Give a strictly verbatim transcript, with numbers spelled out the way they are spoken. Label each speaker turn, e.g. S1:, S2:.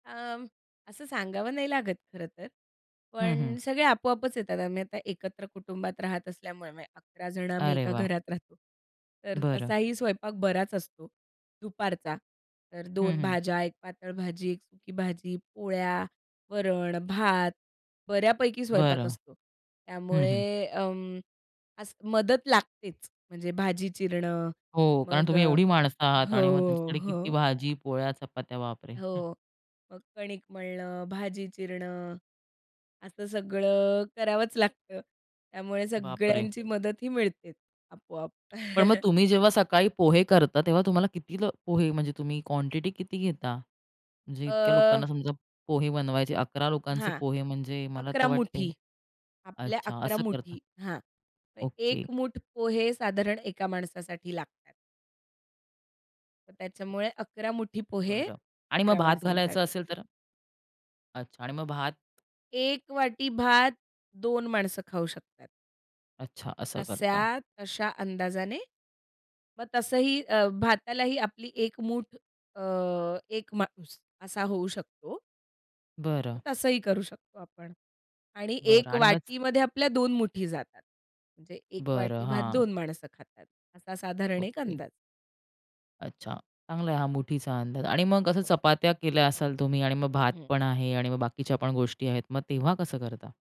S1: अं, असं सांगावं नाही लागत, खरं तर.
S2: हं, हं.
S1: पण सगळे आपोआपच येतात, आम्ही आता एकत्र कुटुंबात राहत असल्यामुळे, म्हणजे अकरा जण आम्ही
S2: अरे
S1: एका
S2: वाह!
S1: घरात राहतो. तर
S2: बरं.
S1: तसाही स्वयंपाक बराच असतो दुपारचा. तर
S2: हं,
S1: दोन
S2: हं.
S1: भाज्या, एक पातळ भाजी, एक सुकी भाजी, पोळ्या, वरण, भात, बऱ्यापैकी स्वयंपाक
S2: बरं.
S1: असतो.
S2: हं, हं.
S1: त्यामुळे अं, असं मदत लागतेच, म्हणजे भाजी चिरणं,
S2: हो, कारण
S1: मग
S2: तुम्ही
S1: अ,
S2: एवढी माणसं आहात आणि मग
S1: हो,
S2: त्यांच्यासाठी किती
S1: हो.
S2: भाजी, पोळ्या, चपात्या, बापरे! हं.
S1: हो, मग कणिक मळणं, भाजी चिरणं, असं सगळं करावंच लागतं, त्यामुळे
S2: बापरे!
S1: सगळ्यांची मदतही मिळते, आपोआप.
S2: पण मग तुम्ही जेव्हा सकाळी पोहे करता, तेव्हा तुम्हाला किती ल पोहे, म्हणजे तुम्ही क्वांटिटी किती घेता? म्हणजे इतक्या
S1: अ
S2: लोकांना समजा पोहे बनवायचे, अकरा लोकांचे
S1: हां,
S2: पोहे म्हणजे मला तर
S1: अकरा
S2: वाटते
S1: मुठी, आपल्या
S2: अच्छा,
S1: अकरा
S2: असं करतात.
S1: मुठी हां, मग
S2: ओके.
S1: एक मुठ पोहे साधारण एका माणसासाठी लागतात. मग त्याच्यामुळे, अकरा मुठी पोहे,
S2: बरं आणि मग
S1: अकरा
S2: भात घालायचं
S1: माणसांसाठी.
S2: असेल तर? अच्छा, आणि मग भात?
S1: एक वाटी भात, दोन माणसं खाऊ शकतात.
S2: अच्छा, असं करता.
S1: तस्या तशा अंदाजाने, मग तसंही अ, भातालाही आपली एक मूठ, अ, एक माणूस असा होऊ शकतो. तर
S2: बरं.
S1: तसंही करू शकतो आपण आणि
S2: बरं
S1: एक
S2: आणि मग
S1: वाटीमध्ये आपल्या दोन मुठी जातात. म्हणजे एक
S2: बरं,
S1: वाटी भात,
S2: हां.
S1: दोन माणसं खातात, असा साधारण एक
S2: ओके.
S1: अंदाज.
S2: अच्छा, चांगला आहे हा मुठीचा अंदाज आणि मग कसं
S1: हो.
S2: चपात्या केल्या असाल तुम्ही आणि मग भात
S1: हं.
S2: पण आहे आणि मग बाकीच्या पण गोष्टी आहेत मग तेव्हा कसं करता?